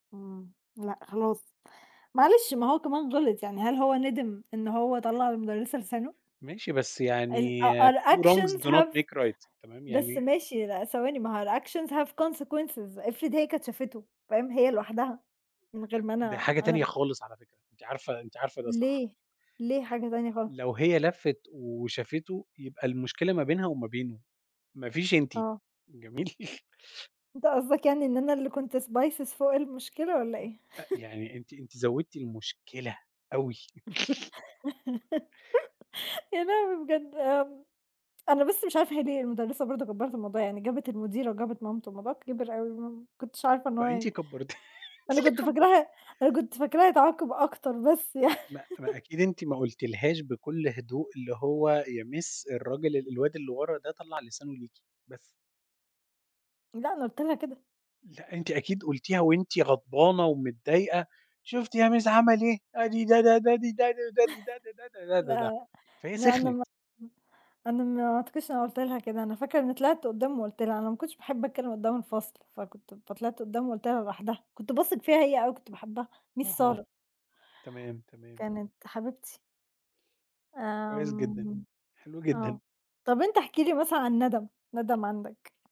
إمم، لأ خلاص، معلش ما هو كمان غِلِط يعني، هل هو نِدِم إن هو طلّع للمُدرِّسة لسانه؟ ماشي بس يعني ال آه أ 2 wrongs الactions do not have make right. تمام، بس يعني ماشي، لأ ثواني، ما هو الactions have consequences إفرض هي كانت شافتُه، فاهم، هي لوحدها من غير أ ما ده أنا، حاجة أنا تانية ال خالص على فكرة، أنتِ عارفة أنتِ عارفة ده صح؟ ليه، ليه حاجة تانية خالص؟ [unintelligible] لو هي لفِّت وشافتُه يبقى المشكلة ما بينها وما بينُه، مافيش أنتِ، آه. جميل؟ أنت قصدك يعني إن أنا اللي كنت spices فوق المشكلة والَّا إيه؟ أ يعني أنتِ أنتِ زوّدتِ المشكلة أوي. يعني أعمل إيه بجد؟ امم، أنا بس مش عارفة هي ليه المُدرِّسة برضه كبّرِت الموضوع يعني، جابت المديرة وجابت مامتُه والموضوع كِبِر أوي، آه، ما كنتش عارفة إن هو ما أنتِ كبّرتِ أنتِ أنا اللي كنت كبّرتِ فاكراه أنا كنت فاكراه هيتعاقب أكتر بس يعني. ما ما أكيد أنتِ ما قُلتِلهاش بكل هدوء اللي هو "يا miss الراجل ال الواد اللي ورا ده طلَّع لسانُه ليكِ." بس. لأ، أنا قُلت لها كده. لأ، أنتِ أكيد قُلتيها وأنتِ غضبانة ومتضايقة، "شُفتِ يا مِس عَمَل إيه، آدي ده، ده، ده، دي، ده، دي، ده، دي، ده، ده، ده، ده، ده" لأ، فهي لأ، ما سِخنِت. أنا [unintelligible] أنا ما أعتقدش إن أنا قُلت لها كده، أنا فاكرة إن طلعت قُدّام وقُلت لها، أنا ما كنتش باحب أتكلم قُدّام الفصل، فكنت فطلعت قُدّام وقُلت لها لوحدها، كنت باثق فيها هي أوي وكنت باحبها، Miss آه، سارة. تمام، تمام. كانت حبيبتي. كويس جدًا، آمم، حلو آه، جدًا. طَب أنت احكِ لي مثلًا عن نَدَم، نَدَم عندك.